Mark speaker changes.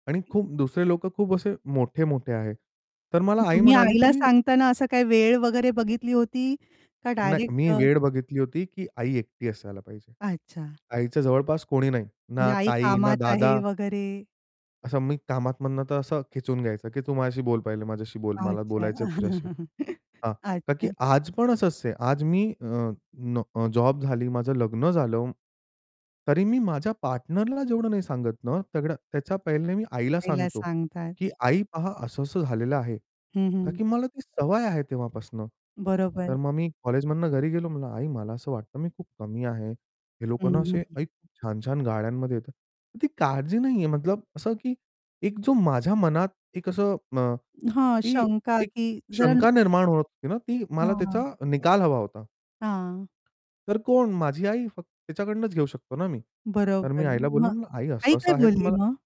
Speaker 1: आणि खूप दुसरे लोकं खूप असे मोठे-मोठे आहे. तर
Speaker 2: मग
Speaker 1: मला आई
Speaker 2: तुम्ही
Speaker 1: म्हणाली,
Speaker 2: आईला
Speaker 1: की
Speaker 2: सांगताना असं काही वेळ वगैरे बघितली होती, का
Speaker 1: नाही
Speaker 2: डायरेक्ट
Speaker 1: मी
Speaker 2: अ
Speaker 1: वेळ बघितली होती, की आई एकटी असायला पाहिजे.
Speaker 2: अच्छा.
Speaker 1: आईच्या जवळपास कोणी नाही.
Speaker 2: म्हणजे
Speaker 1: ना
Speaker 2: आई
Speaker 1: ताई, ना
Speaker 2: कामात आहे
Speaker 1: दादा
Speaker 2: वगैरे.
Speaker 1: असं मी कामात मधनं तर असं खेचून घ्यायचं, की तू माझ्याशी बोल पहिले, माझ्याशी बोल. मला
Speaker 2: अच्छा.
Speaker 1: बोलायचंय तुझ्याशी. हां, का की
Speaker 2: अच्छा.
Speaker 1: आज पण असंच आहे, आज मी अ, न जॉब झाली, माझं लग्न झालं. तरी मी माझ्या पार्टनरला जेवढं नाही सांगत ना, सगळं. त्याच्या पहिले मी आईला
Speaker 2: आईला
Speaker 1: सांगतो,
Speaker 2: सांगतात.
Speaker 1: की "आई पहा, असं-असं झालेलं आहे."
Speaker 2: हं,
Speaker 1: का
Speaker 2: हं.
Speaker 1: की मला ती सवय आहे तेव्हापासनं. तर
Speaker 2: बरोबर.
Speaker 1: मग मी कॉलेजमधनं घरी गेलो, म्हणलं, "आई मला असं वाटतं, मी खूप कमी आहे. हे लोक
Speaker 2: हं,
Speaker 1: ना असे
Speaker 2: हं, हं.
Speaker 1: आई खूप छान-छान गाड्यांमध्ये येतात." ती काळजी नाही आहे, मतलब असं, की एक जो माझ्या मनात एक असं अ,
Speaker 2: हां,
Speaker 1: की
Speaker 2: शंका,
Speaker 1: एक
Speaker 2: की जर
Speaker 1: शंका निर्माण होत होती ना ती मला
Speaker 2: हां, हां.
Speaker 1: त्याचा निकाल हवा होता.
Speaker 2: हां.
Speaker 1: तर कोण? माझी आई फक्त. तिच्याकडूनच घेऊ शकतो ना मी. तर मी
Speaker 2: बरोबर.
Speaker 1: आईला बोललो,
Speaker 2: मग
Speaker 1: म्हणलं "आई
Speaker 2: आई काय
Speaker 1: असं-असं आहे, तु
Speaker 2: बोलली
Speaker 1: मला"
Speaker 2: मग?